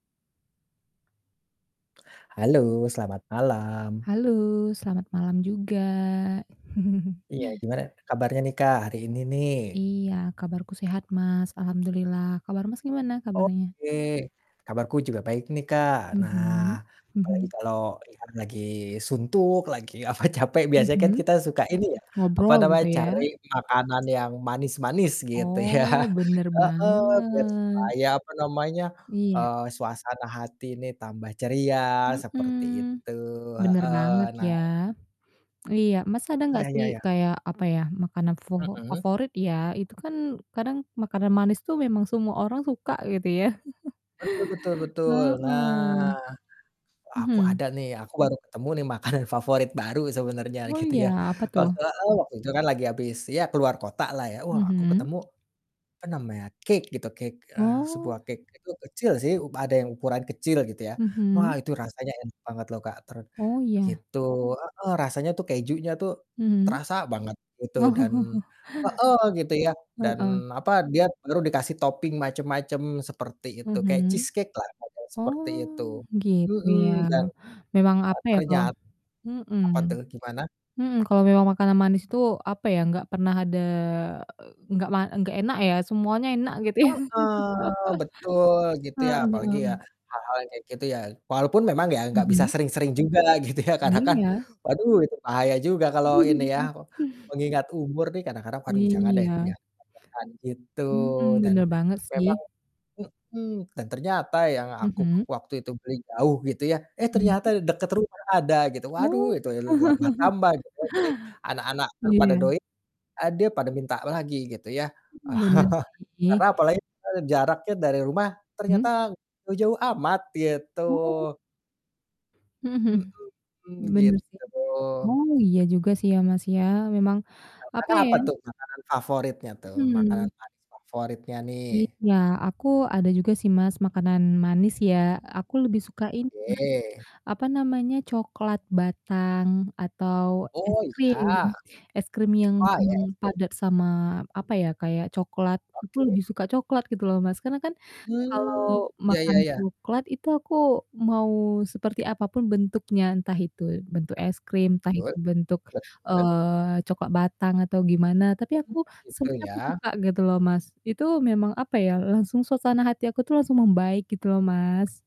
Halo selamat malam. Halo, selamat malam juga. Iya gimana kabarnya nih Kak, hari ini nih? Iya, kabarku sehat Mas, alhamdulillah kabar Mas, gimana kabarnya? Oke kabarku juga baik nih Kak, nah Mhm, apalagi mhm. kalau ini kan lagi suntuk lagi apa capek biasanya Mhm, kan kita suka ini ya, apa ngobrol namanya gitu ya? cari makanan yang manis-manis gitu ya, Oh, bener heeh, biar banget. supaya apa namanya, Iya. eee, suasana hati ini tambah ceria seperti Mhm, itu, bener heeh, banget nah. ya. Iya, Mas ada nggak Ya sih ya ya. kayak apa ya makanan fofo Mhm. favorit ya, itu kan kadang makanan manis tuh memang semua orang suka gitu ya. Betul betul betul, nah, Heeh, aku mhm. ada nih aku baru ketemu nih makanan favorit baru sebenarnya Oh gitu iya, ya apa wak tuh? heeh, waktu itu kan lagi habis ya keluar kota lah ya, wah aku Mhm. ketemu, apa namanya, cake gitu, cake, eee, sebuah Oh. cake, itu kecil sih, u ada yang ukuran kecil gitu ya, wah Mhm. itu rasanya enak banget loh Kak, ter Oh iya. gitu, heeh, rasanya tuh kejunya tuh, Mmm. terasa banget gitu dan Oh. heeh, gitu ya dan Heeh. apa, dia baru dikasih topping macam-macam, seperti itu, kayak Mhm, cheesecake lah [unintelligible] seperti oh itu, gitu mhm, ya, dan, memang eee, apa ya kalau ternyat mhm, apa tuh, gimana? mmm, kalau memang makanan manis tuh apa ya, nggak pernah ada nggak ma nggak enak ya, semuanya enak gitu ya, Heeh, betul gitu ya heeh. apalagi ya hal-hal yang kayak gitu ya, walaupun memang ya enggak bisa Mhm. sering-sering juga gitu ya karena kan, Iya. waduh, itu bahaya juga kalau ini ya, mengingat umur nih kadang-kadang, waduh, jangan deh, Iya. ya [unintelligible] gitu Mhm, dan bener banget memang sih. mhm, dan ternyata yang aku Mhm. waktu itu beli jauh gitu ya, eh, ternyata Mmm. di dekat rumah ada gitu, waduh, Oh. itu [unintelligible] tambah-tambah gitu ya jadi anak-anak [unintelligible] pada Iya. doy eee, dia pada minta lagi gitu ya, Mmm, bener sih. karena apalagi, eee, jaraknya dari rumah ternyata Mmm? jauh-jauh amat gitu. Oh. Mhm mhm, Mhm, bener sih, gitu. oh iya juga sih ya, Mas, ya, memang Kalau apa Kakak, ya apa tuh makanan favoritnya tuh, makanan Mhm. manis favoritnya nih? Iya aku ada juga sih Mas, makanan manis ya, aku lebih suka ini Mas, Oke. apa namanya, coklat batang atau es Oh krim, iya. es krim yang Oh iya belum es krim. padat sama apa ya, kayak coklat, aku Oke. lebih suka coklat gitu loh Mas, karena kan Mmm, kalau ya makan ya ya. coklat itu aku mau seperti apa pun bentuknya, entah itu bentuk es krim, entah itu Betul, bentuk, betul. eee, coklat batang atau gimana, tapi Mmm, aku gitu semuanya aku ya. suka gitu loh Mas, itu memang apa ya langsung suasana hati aku tuh langsung membaik gitu loh, Mas.